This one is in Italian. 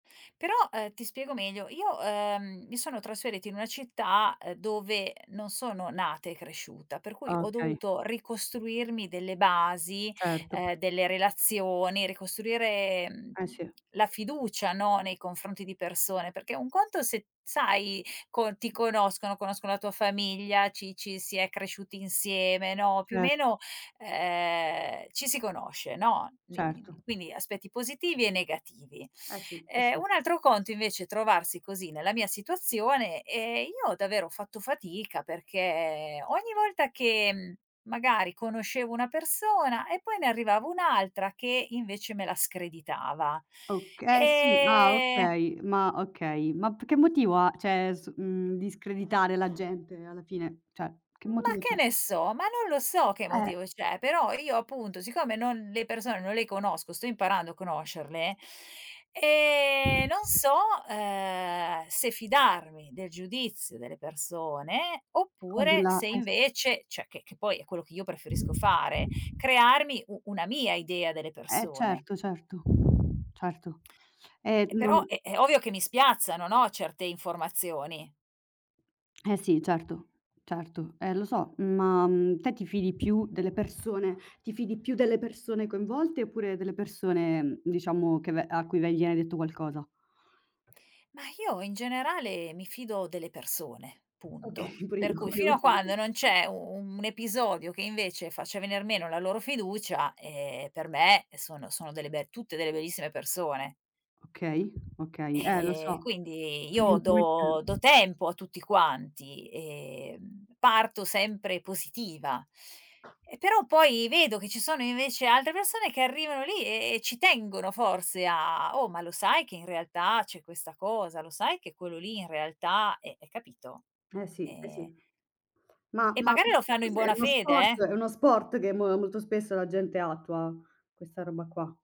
Però, ehm, ti spiego meglio. Io, ehm, mi sono trasferita in una città, ehm, dove non sono nata e cresciuta, per cui ho Okay. dovuto ricostruirmi delle basi, Certo. ehm, delle relazioni, ricostruire, mhmm, Eh, sì. la fiducia, no, nei confronti di persone, perché un conto è se sai co ti conoscono, conoscono la tua famiglia, ci ci si è cresciuti insieme, no, più o Cer meno, ehm, ci si conosce, no,, Certo. [unintelligible] quindi aspetti positivi e negativi. Eh sì, eh Ehm, sì. un altro conto invece, è trovarsi così nella mia situazione e io davvero ho fatto fatica, perché ogni volta che, mhmm, magari conoscevo una persona e poi ne arrivava un'altra che invece me la screditava, Oka eh sì ah, ehm okay, ma okay, ma p che motivo ha, cioè s mhmm, di screditare la gente alla fine? Cioè, che Ma motivo che c'è? ne so? Ma non lo so che Eh. motivo c'è, però io appunto siccome non le persone non le conosco, sto imparando a conoscerle, e non so, uhm, se fidarmi del giudizio delle persone Cod oppure la se eh, sì. invece cioè, che che poi è quello che io preferisco fare, crearmi u una mia idea delle Eh persone. certo, certo. Certo, ehm, E non però è è ovvio che mi spiazzano, no, certe informazioni. Eh sì, certo, certo. Eh, lo so, ma, mhmm, te ti fidi più delle persone ti fidi più delle persone coinvolte, oppure delle persone, diciamo, che ve a cui viene detto qualcosa? Ma io in generale mi fido delle persone, Okay, punto. pure Per io cui, fino a quando non [unintelligible] c'è u un episodio che invece faccia venir meno la loro fiducia, ehm, per me sono sono delle be tutte delle bellissime persone. Okay, okay. Eh, lo Ehm, so quindi io do do [unintelligible] tempo a tutti quanti e, mhmm, parto sempre positiva. E però poi vedo che ci sono invece altre persone, che arrivano lì e e ci tengono forse a a: "Oh, ma lo sai che in realtà c'è questa cosa? Lo sai che quello lì in realtà è è" capito? Eh sì. Eh Ehm. sì. Ma E ma magari lo che fanno in cos'è? È buona uno fede, sport eh. è uno sport che mo molto spesso la gente attua, questa roba qua.